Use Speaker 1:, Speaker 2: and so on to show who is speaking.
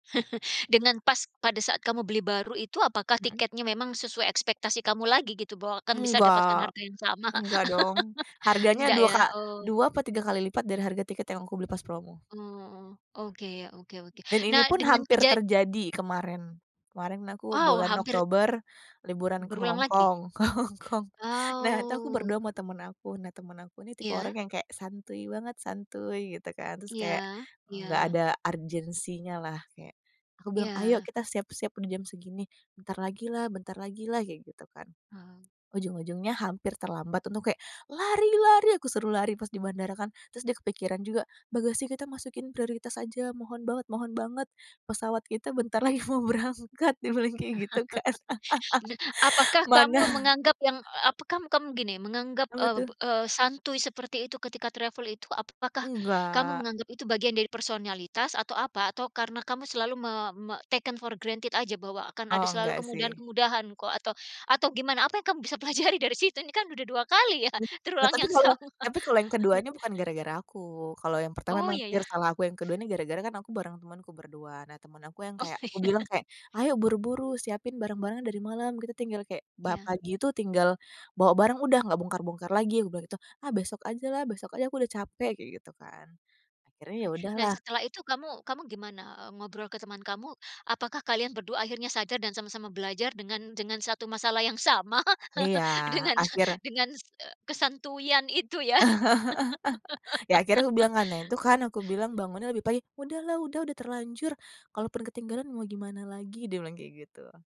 Speaker 1: Dengan pas pada saat kamu beli baru itu, apakah
Speaker 2: Mhm.
Speaker 1: tiketnya memang sesuai ekspektasi kamu lagi gitu bahwa akan bisa dapatkan
Speaker 2: Enggak.
Speaker 1: harga yang sama?
Speaker 2: Enggak dong, harganya
Speaker 1: Ndak
Speaker 2: 2
Speaker 1: ya?
Speaker 2: ka
Speaker 1: Oh.
Speaker 2: 2 apa 3 kali lipat dari harga tiket yang aku beli pas promo.
Speaker 1: Oh, oke oke oke,
Speaker 2: Dan ini
Speaker 1: nah
Speaker 2: pun
Speaker 1: dengan
Speaker 2: hampir
Speaker 1: keja
Speaker 2: terjadi kemarin. Kemarin aku
Speaker 1: Wow,
Speaker 2: bulan
Speaker 1: hampir
Speaker 2: Oktober liburan ke
Speaker 1: Berulang
Speaker 2: Hong
Speaker 1: lagi?
Speaker 2: Kong, ke Hong Kong. Nah itu aku
Speaker 1: Wow.
Speaker 2: berdua sama temen aku, nah temen aku ini tipe orang
Speaker 1: Iya.
Speaker 2: yang kayak santuy banget, santuy gitu kan, terus kayak
Speaker 1: Iya.
Speaker 2: enggak
Speaker 1: Iya.
Speaker 2: ada urgensinya lah. Kayak aku bilang, "Ayo
Speaker 1: Iya.
Speaker 2: kita siap-siap untuk jam segini." "Bentar lagi lah bentar lagi lah," kayak gitu kan.
Speaker 1: Oh.
Speaker 2: Ujung-ujungnya hampir terlambat, untung kayak, "Lari lari!" aku suruh lari pas di bandara kan. Terus dia kepikiran juga, "Bagasi kita masukin prioritas aja, mohon banget mohon banget, pesawat kita bentar lagi mau berangkat," dia bilang kayak gitu kan.
Speaker 1: Apakah kamu
Speaker 2: Mana
Speaker 1: menganggap yang apa, kam kam gini, menganggap,
Speaker 2: Apa
Speaker 1: eee
Speaker 2: tuh?
Speaker 1: eee, santuy seperti itu ketika travel itu, apakah kamu
Speaker 2: Nggak.
Speaker 1: menganggap itu bagian dari personalitas atau apa? Atau karena kamu selalu me me taken for granted aja bahwa akan ada
Speaker 2: Oh
Speaker 1: selalu
Speaker 2: nggak sih.
Speaker 1: kemudahan-kemudahan kok, atau atau gimana, apa yang kamu bisa pelajari dari situ, ini kan udah 2 kali ya,
Speaker 2: Nah
Speaker 1: terulang
Speaker 2: tapi
Speaker 1: yang
Speaker 2: kalau
Speaker 1: sama?
Speaker 2: tapi kalau yang keduanya bukan gara-gara aku. Kalau yang pertama
Speaker 1: Oh
Speaker 2: memang
Speaker 1: ya ya.
Speaker 2: pure salah aku, yang kedua ini gara-gara kan aku bareng temenku berdua. Nah temen aku yang
Speaker 1: Oh
Speaker 2: kayak
Speaker 1: iya.
Speaker 2: kubilang kayak, "Ayo buru-buru, siapin barang-barangnya dari malam," gitu, "tinggal kayak, ba
Speaker 1: Ya.
Speaker 2: pagi itu tinggal bawa barang udah nggak bongkar-bongkar lagi," aku bilang gitu. "Ah besok ajalah, besok aja, aku udah capek!" kayak gitu kan. Akhirnya ya
Speaker 1: Oke. Nah
Speaker 2: udahlah.
Speaker 1: setelah itu kamu kamu gimana, eee, ngobrol ke teman kamu, apakah kalian berdua akhirnya sadar dan sama-sama belajar dengan dengan satu masalah yang sama?
Speaker 2: Iya,
Speaker 1: Dengan
Speaker 2: akhir
Speaker 1: dengan, eee, kesantuyan itu ya?
Speaker 2: Ya akhirnya kubilang kan, "Nah itu kan aku bilang bangunnya lebih pagi," "Udahlah, udah udah terlanjur, kalaupun ketinggalan mau gimana lagi," dia bilang kayak gitu.